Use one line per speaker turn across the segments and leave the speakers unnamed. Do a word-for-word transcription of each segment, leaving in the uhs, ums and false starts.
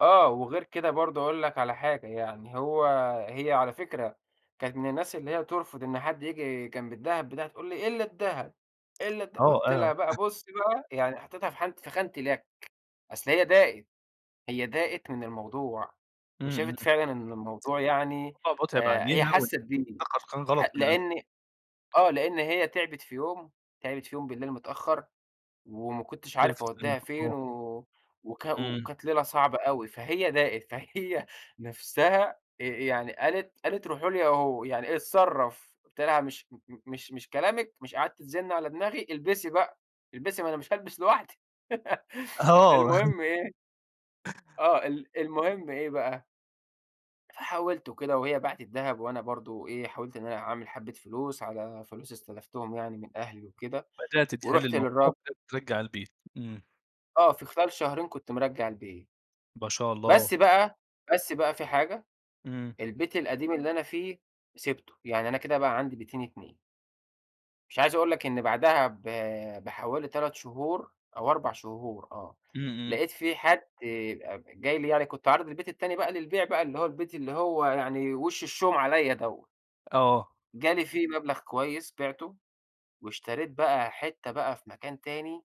آه. وغير كده برضه هاقول لك على حاجة، يعني هو هي على فكرة كانت من الناس اللي هي ترفض إن حد ييجي جنب الدهب بتاعها تقول لي: "إلّا الدهب، إلّا الد"
آه،
قُلت
أه.
لها بقى: "بُصّي بقى." يعني حطّيتها في حانة في خانة اليَك. أصل هي داقت، هي داقت من الموضوع
إمم، إمم،
وشافت
إمم.
فعلًا إن الموضوع يعني
الموضوع مُتعب
آآ هي
عليها وإن
حسِّت بيه،
ده قر كان
حا
غلط من ال
لإن آه. لإن هي تعبت في يوم، تعبت في يوم بالليل متأخّر وما كنتش
ألف
عارف
سلامة
أودّيها فين
آه.
و وكا
إمم.
وكانت ليلة صعبة أوي. فهي ضاقت، فهي نفسها آآ يعني قالت قالت: "روحوا له يا أو يعني اتصرّف." قُلت لها: "مش م م مش مش كلامِك، مش قعدتِ تزنّي على دماغي البسي بقى البسي ما أنا مش هالبس لوحدي."
آه.
المهم إيه آه. ال المهم إيه بقى فحاولت وكده وهي باعت الدهب وأنا برضه إيه، حاولت إن أنا أعمل حبّة فلوس على فلوس استلفتهم يعني من أهلي وكده،
بدأت تحِل
ورُحت
الموضوع
للراج
ت ترجّع البيت إمم.
آه. في خلال شهرين كنت مرجّع البيت.
باشاء
بس
الله.
بقى بس بقى في حاجة،
إمم.
البيت القديم اللي أنا فيه سِبته. يعني أنا كده بقى عندي بيتين اتنين. مش عايز اقول لك إن بعدها ب بحوالي تلات شهور أو أربع شهور آه.
إمم، إمم.
لقيت في حد أب جاي لي يعني كنت عارض البيت التاني بقى للبيع بقى اللي هو البيت اللي هو يعني وِش الشوم عليّا دوّة.
آه.
جالي فيه مبلغ كويس بِعته واشتريت بقى حتّة بقى في مكان تاني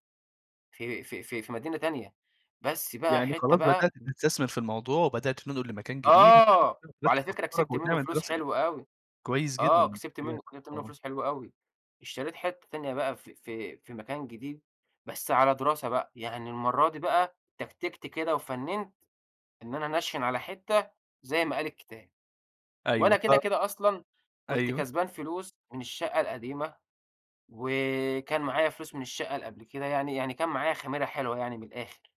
في في في في مدينة تانية، بس بقى
يعني
حتّة
خلاص بدأت
بقى
تستثمر في الموضوع وبدأت تنقل لمكان جديد
آه.
[unintelligible]
وعلى
ترتِّب
فكرة
أفكارك
كسبت منّه
وديمًا أنت
فلوس
[unintelligible]
حلوة أوي.
كويس جدًا
آه، كسبت
الحقيقة
منّه كسبت منّه
آه.
فلوس حلوة أوي. اشتريت حتّة تانية بقى في في في مكان جديد بس على دراسة بقى. يعني المرّة دي بقى تكتيكت كده وفنّنت إن أنا أنشِّن على حتّة زي ما قال الكتاب.
أيوه
وأنا كده،
ط
كده أصلًا كنت
أيوه.
كسبان فلوس من الشقّة القديمة وكان معايا فلوس من الشقّة اللي قبل كده يعني، يعني كان معايا خميرة حلوة يعني من الآخر.